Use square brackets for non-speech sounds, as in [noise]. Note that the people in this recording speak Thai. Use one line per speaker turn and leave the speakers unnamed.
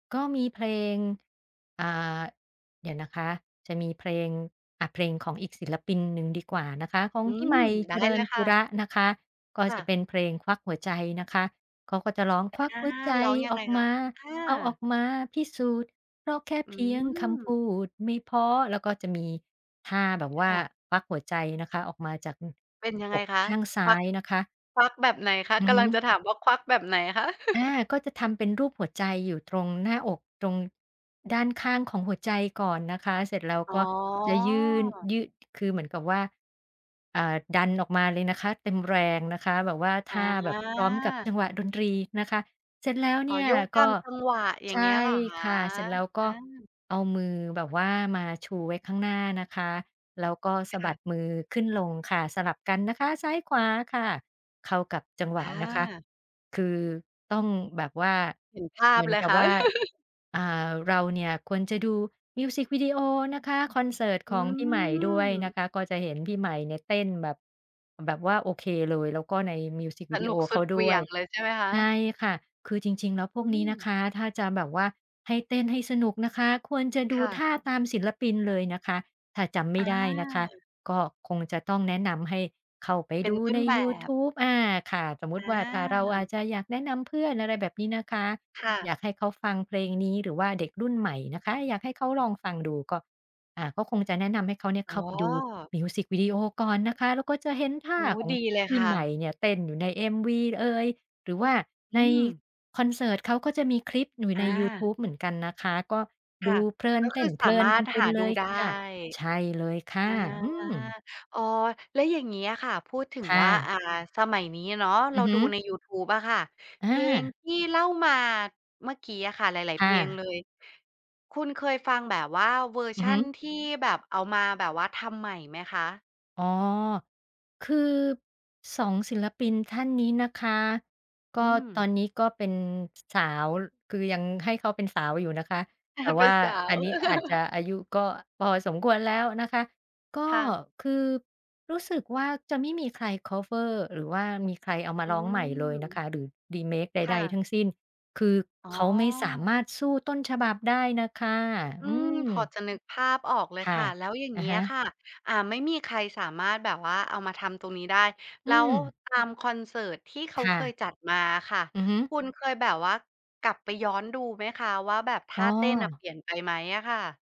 ก็มีเพลง อ่า เดี๋ยวนะคะ จะมีเพลง อ่า เพลงของอีกศิลปินหนึ่งดีกว่านะคะ ของ
อื
พี่ให
ม
ม่
ไ
เ
ด
จ
้
ริ
เล
ญ
ย
ป
ค
ุ
่
ร
ะ
ะนะคะ ก็
ค่
จะ
ะ
เป็นเพลง "ควักหัวใจ" นะคะ เขาก็จะร้อง ควัก
อา
หัวใจ
ร้องยั
อ
ง
อ
ไง
ก
ค
ม
ะ
า
อ
เอาอ
า?
อกมาพิสูจน์ เพราะแค่
อื
เพียงคำพ
ม
ูดไม่พอ แล้วก็จะมีท่าแบบว
ค
่า
่ะ
ควักหัวใจนะคะ ออกมาจาก
เป็นยัง
อ
ไง
อก
คะ
ข้างซ้
คว
า
ัก
ยนะคะ
ควักแบบไหนคะ
อื
ก
อฮ
ำลังจะ
ึ
ถามว่าควักแบบไหนคะ?
อา
[chuckles]
ก็จะทำเป็นรูปหัวใจอยู่ตรงหน้าอก ตรงด้านข้างของหัวใจก่อนนะคะ เสร็จแล้ว
อ๋
ก็
อ
จะยื่น ยื่น คือเหมือนกับว่า อ่า ดันออกมาเลยนะคะ เต็มแรงนะคะ แบบว่าท่า
อ
แบบพร้อมกับจั
า
งหวะดนตรีนะคะ เสร็จแล้ว
อ
เ
๋
น
อ
ี่ย
โยกต
ก
า
็
ม จังหวะ อย่
ใ
า
ช
งเงี้
่
ยเหรอคะ?
ค่ะ เสร็จแล้วก
อ
็
า
เอามือแบบว่ามาชูไว้ข้างหน้านะคะ แล้วก็ส
ค
ะบ
่
ั
ะ
ดมือขึ้นลงค่ะ สลับกันนะคะ ซ้ายขวาค่ะ เข้ากับจังหว
ค
ะ
่
นะคะ
ะ
คือต้องแบบว่า
เห็นภา
เห
พ
มือน
เลย
กับ
ค่
ว
ะ
่า
[chuckles]
อ่า เราเนี่ยควรจะดูมิวซิกวิดีโอนะคะ คอนเสิร์ต
อ
ข
ื
องพี่ใหม่ด้วยน
ม
ะคะ ก็จะเห็นพี่ใหม่เนี่ยเต้นแบบ แบบว่าโอเคเลย แล้วก็ในมิวซิก
ส
วิดี
น
โอ
ุกส
เข
ุ
า
ดเห
ด
วี
้ว
่ย
ย
งเลยใช่ไหมคะ?
ใช่ค่ะ คือจริง ๆ แล้วพวก
อื
นี้
ม
นะคะ ถ้าจะแบบว่าให้เต้นให้สนุกนะคะ ควรจะด
ค
ู
่
ท
ะ
่าตามศิลปินเลยนะคะ ถ้าจำไม่
อา
ได้นะคะ ก็คงจะต้องแนะนำให้เข้าไป
เป็
ด
น
ู
ต้
ใ
น
น
แบ
ยูท
บ
ูบ อา ค่ะ สมมุต
อ
ิว่าเราอ
า
าจจะอยากแนะนำเพื่อน อะไรแบบนี้นะคะ
ค่
อย
ะ
ากให้เขาฟังเพลงนี้ หรือว่าเด็กรุ่นใหม่นะคะ อยากให้เขาลองฟังดูก็ อ่า ก็คงจะแนะนำให้เขาเนี่ย
อ๋
เข้
อ
าไปดูมิวซิกวิดีโอก่อนนะคะ แล้วก็จะเห็นท
โ
่
อ
า
้
ของ
ดีเลย
พี
ค
่
่
ใหม่
ะ
เนี่ยเต้นอยู่ใน MV ล เอย หรือว่า
อ
ใ
ื
น
ม
คอนเสิร์ตเขาก็จะมีคลิปอยู่
อ
ในยูท
า
ูบเหมือนกันนะคะ ก็
ค
ด
่
ู
ะ
เพลิน
ก็
เต
คื
้
อ
นเพ
สา
ลิ
ม
น
า
กั
รถ
นเป
ห
็น
า
เ
ด
ล
ู
ย
ได้
ค่ะ ใช่เลยค
อา
่ะ อืม
อ๋อ แล้วอย่างงี้อะค่ะ พูดถึง
ค่
ว่า
ะ
อ่า สมัยนี้เนาะ เ
อ
ร
ื
า
อฮ
ด
ึ
ูในยูทูบอะค่ะ
อ
เพลง
า
ที่เล่ามาเมื่อกี้ค่ะ หลาย
ค
ๆ เพ
่
ลงเล
ะ
ย คุณเคยฟังแบบว่าเวอร์
อื
ช
อ
ั
ฮ
น
ึ
ที่แบบเอามาแบบว่าทำใหม่ไหมคะ?
อ๋อ คือ 2 ศิลปินท่านนี้นะคะ ก
อ
็
ื
ตอ
ม
นนี้ก็เป็น ส สาว คือยังให้เขาเป็นสาวอยู่นะคะ
อ
แ
า
ต่
เ
ว
ป
่
็
า
นสา
อ
ว
ันนี้อาจจะ
[chuckles]
อายุก็พอสมควรแล้วนะคะ ก็
ค่ะ
คือรู้สึกว่า จะไม่มีใครคัฟเวอร์ หรือว่ามีใครเอามา
อื
ร้องใหม่เลยนะค
ม
ะ หรือ remake ใ
ค่
ด
ะ
ๆ ทั้งสิ้นคือ
อ๋
เขาไม่สาม
อ
ารถสู้ต้นฉบับได้น่ะค่ะ
อื
อื
ม พอ
ม
จะนึกภาพออกเล
ค
ย
่ะ
ค่ะ แล้วอย่าง
อะ
งี้
ฮะ
ค่ะ อ่า ไม่มีใครสามารถแบบว่าเอามาทำตรงนี้ได้
อ
แ
ื
ล้ว
ม
ตามคอนเสิร์ตที่เขา
ค่
เคย
ะ
จัดมาอะค่ะ
อือฮึ
คุณเคยแบบว่ากลับไปย้อนดูไหมคะ ว่าแบบท
อ๋
่า
อ
เต้นอะเปลี่ยนไปไหมอะค่ะ?